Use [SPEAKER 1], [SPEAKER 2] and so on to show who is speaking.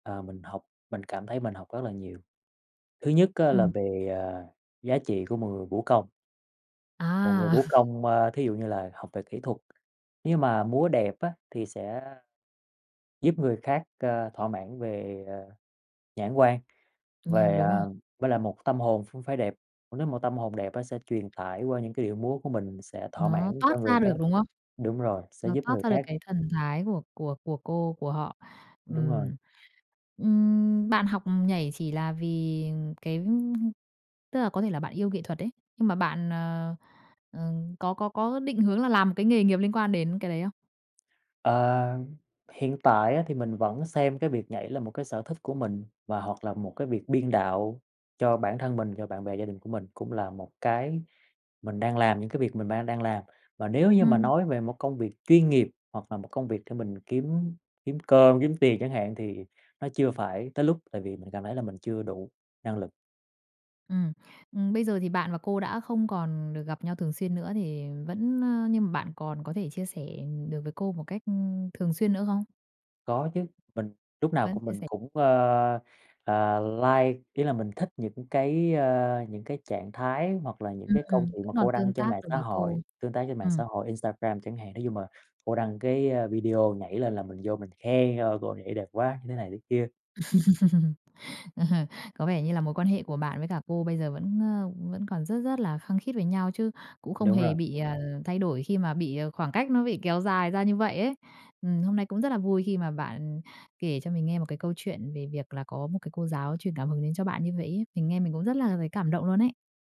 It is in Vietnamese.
[SPEAKER 1] Ờ, mình học mình cảm thấy mình học rất là nhiều. Thứ nhất á là
[SPEAKER 2] Ừm.
[SPEAKER 1] về, ờ, giá trị của một người vũ công. Một người
[SPEAKER 2] À!
[SPEAKER 1] vũ công, a, thí dụ như là học về kỹ thuật, nhưng mà múa đẹp á thì sẽ giúp người khác, ờ, thỏa mãn về, ờ, nhãn quan,
[SPEAKER 2] Ừm, nh
[SPEAKER 1] về,
[SPEAKER 2] đúng
[SPEAKER 1] à
[SPEAKER 2] rồi.
[SPEAKER 1] với lại một tâm hồn cũng phải đẹp, nếu một tâm hồn đẹp á sẽ truyền tải qua những cái điệu múa của mình sẽ thỏa
[SPEAKER 2] Nó
[SPEAKER 1] mãn
[SPEAKER 2] toát
[SPEAKER 1] cho người
[SPEAKER 2] ra
[SPEAKER 1] khác
[SPEAKER 2] được, đúng không?
[SPEAKER 1] đúng rồi, sẽ
[SPEAKER 2] Nó
[SPEAKER 1] giúp
[SPEAKER 2] toát
[SPEAKER 1] người
[SPEAKER 2] ra được
[SPEAKER 1] khác.
[SPEAKER 2] cái thần thái của của của cô của họ.
[SPEAKER 1] Đúng rồi.
[SPEAKER 2] Ừm, ừm, bạn học nhảy chỉ là vì cái tức là, có thể là bạn yêu nghệ thuật ấy, nhưng mà bạn, ờ, ờ, có có có định hướng là làm cái nghề nghiệp liên quan đến cái đấy không?
[SPEAKER 1] Ờ, hiện tại á thì mình vẫn xem cái việc nhảy là một cái sở thích của mình, và hoặc là một cái việc biên đạo cho bản thân mình, cho bạn bè, gia đình của mình cũng là một cái mình đang làm, những cái việc mình mang đang làm. Mà nếu như mà
[SPEAKER 2] Ừm.
[SPEAKER 1] nói về một công việc chuyên nghiệp hoặc là một công việc để mình kiếm kiếm cơm, kiếm tiền chẳng hạn thì nó chưa phải tới lúc, tại vì mình cảm thấy là mình chưa đủ năng lực.
[SPEAKER 2] Ừm, ừm, bây giờ thì bạn và cô đã không còn được gặp nhau thường xuyên nữa thì vẫn, ờ, nhưng mà bạn còn có thể chia sẻ, ừm, được với cô một cách, ưm, thường xuyên nữa không?
[SPEAKER 1] Có chứ, mình lúc nào
[SPEAKER 2] Vẫn
[SPEAKER 1] cũng
[SPEAKER 2] chia
[SPEAKER 1] mình
[SPEAKER 2] sẻ.
[SPEAKER 1] cũng, ơ, ờ, like, ý là mình thích những cái, ơ, những cái trạng thái hoặc là những
[SPEAKER 2] Ừm,
[SPEAKER 1] cái câu chuyện
[SPEAKER 2] vẫn
[SPEAKER 1] mà
[SPEAKER 2] còn
[SPEAKER 1] cô
[SPEAKER 2] tương
[SPEAKER 1] đăng trên
[SPEAKER 2] tác
[SPEAKER 1] mạng
[SPEAKER 2] được
[SPEAKER 1] xã
[SPEAKER 2] với cô,
[SPEAKER 1] hội, tương tác trên mạng
[SPEAKER 2] ừm.
[SPEAKER 1] xã hội, Instagram chẳng hạn. Nói chung là cô đăng cái, a, video nhảy lên là mình vô mình khen: "Wow, cô nhảy đẹp quá!" như thế này thế kia.
[SPEAKER 2] Ờ. Có vẻ như là mối quan hệ của bạn với cả cô bây giờ vẫn, ơ, vẫn còn rất rất là khăng khít với nhau chứ cũng không
[SPEAKER 1] Đúng
[SPEAKER 2] hề
[SPEAKER 1] rồi.
[SPEAKER 2] bị, ờ, thay đổi khi mà bị, ờ, khoảng cách nó bị kéo dài ra như vậy ấy. Ừm, hôm nay cũng rất là vui khi mà bạn kể cho mình nghe một cái câu chuyện về việc là có một cái cô giáo truyền cảm hứng đến cho bạn như vậy ấy, mình nghe mình cũng rất là thấy cảm động luôn ấy.